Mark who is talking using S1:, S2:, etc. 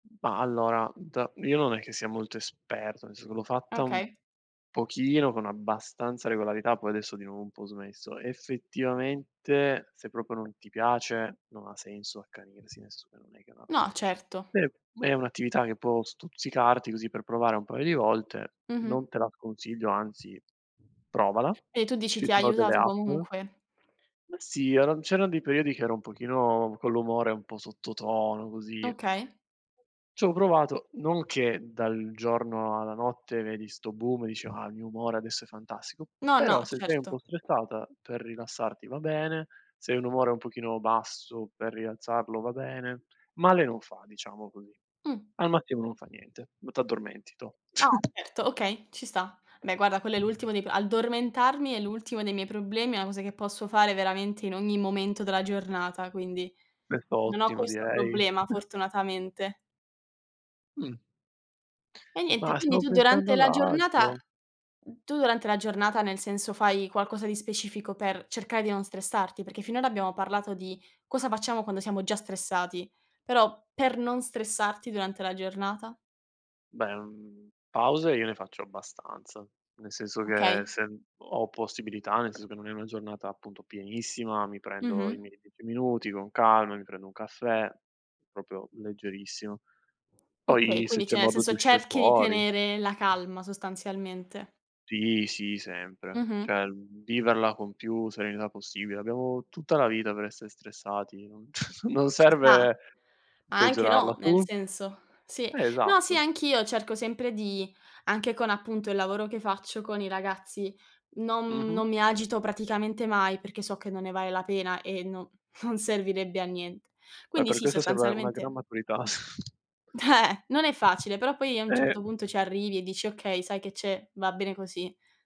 S1: Ma allora d io non è che sia molto esperto, nel senso l'ho fatta un
S2: Okay.
S1: pochino con abbastanza regolarità, poi adesso di nuovo ho un po' smesso. Effettivamente se proprio non ti piace non ha senso accanirsi, nel senso che non è che va
S2: No, certo.
S1: è è un'attività che può stuzzicarti così per provare un paio di volte,
S2: Mh-mh.
S1: non te la sconsiglio anzi provala.
S2: E tu dici
S1: Ci
S2: ti
S1: sono delle
S2: aiutato
S1: app
S2: comunque?
S1: Ma sì eran c'erano dei periodi che ero un pochino con l'umore un po' sottotono così.
S2: Okay.
S1: C'ho provato non che dal giorno alla notte vedi sto boom e dici: "Ah il mio umore adesso è fantastico!,"
S2: No,
S1: però
S2: no,
S1: se sei un po'
S2: certo.
S1: stressata per rilassarti va bene, se hai un umore un pochino basso per rialzarlo va bene, male non fa diciamo così.
S2: Mh.
S1: Al mattino non fa niente, ma t'addormenti tu.
S2: No, certo, okay, ci sta. Beh, guarda, quello è l'ultimo dei p addormentarmi è l'ultimo dei miei problemi, è una cosa che posso fare veramente in ogni momento della giornata, quindi
S1: Questo
S2: non ho
S1: ottimo
S2: questo
S1: direi.
S2: problema fortunatamente.
S1: Mh.
S2: E niente,
S1: Ma
S2: quindi
S1: stavo
S2: tu
S1: pensando
S2: durante
S1: ad
S2: la giornata
S1: altro.
S2: tu durante la giornata nel senso fai qualcosa di specifico per cercare di non stressarti? Perché finora abbiamo parlato di cosa facciamo quando siamo già stressati, però per non stressarti durante la giornata?
S1: Beh, mhmm, pause io ne faccio abbastanza, nel senso che
S2: Okay.
S1: se n ho possibilità nel senso che non è una giornata appunto pienissima, mi prendo i
S2: Mh-mh.
S1: miei 10 minuti con calma, mi prendo un caffè, proprio leggerissimo.
S2: Okay,
S1: Poi se
S2: quindi
S1: c'è
S2: cioè nel
S1: modo di
S2: senso
S1: uscir
S2: cerchi di
S1: fuori.
S2: tenere la calma sostanzialmente.
S1: Sì, sì, sempre.
S2: Mh-mh.
S1: Cioè, mhmm, viverla con più serenità possibile. Abbiamo tutta la vita per essere stressati, non non
S2: Ci sta.
S1: serve
S2: Anche
S1: peggiorarla,
S2: no, nel
S1: tu?
S2: senso sì.
S1: Eh,
S2: No, sì,
S1: esatto.
S2: anch'io cerco sempre di anche con appunto il lavoro che faccio con i ragazzi, non m
S1: Mh-mh.
S2: non mi agito praticamente mai, perché so che non ne vale la pena e non non servirebbe a nient
S1: Eh,
S2: Quindi
S1: per
S2: sì,
S1: questo serve una gran
S2: sostanzialmente
S1: maturità.
S2: Eh non è facile, però poi a un
S1: Eh!
S2: certo punto ci arrivi e dici: "Okay, sai che c'è, va bene così".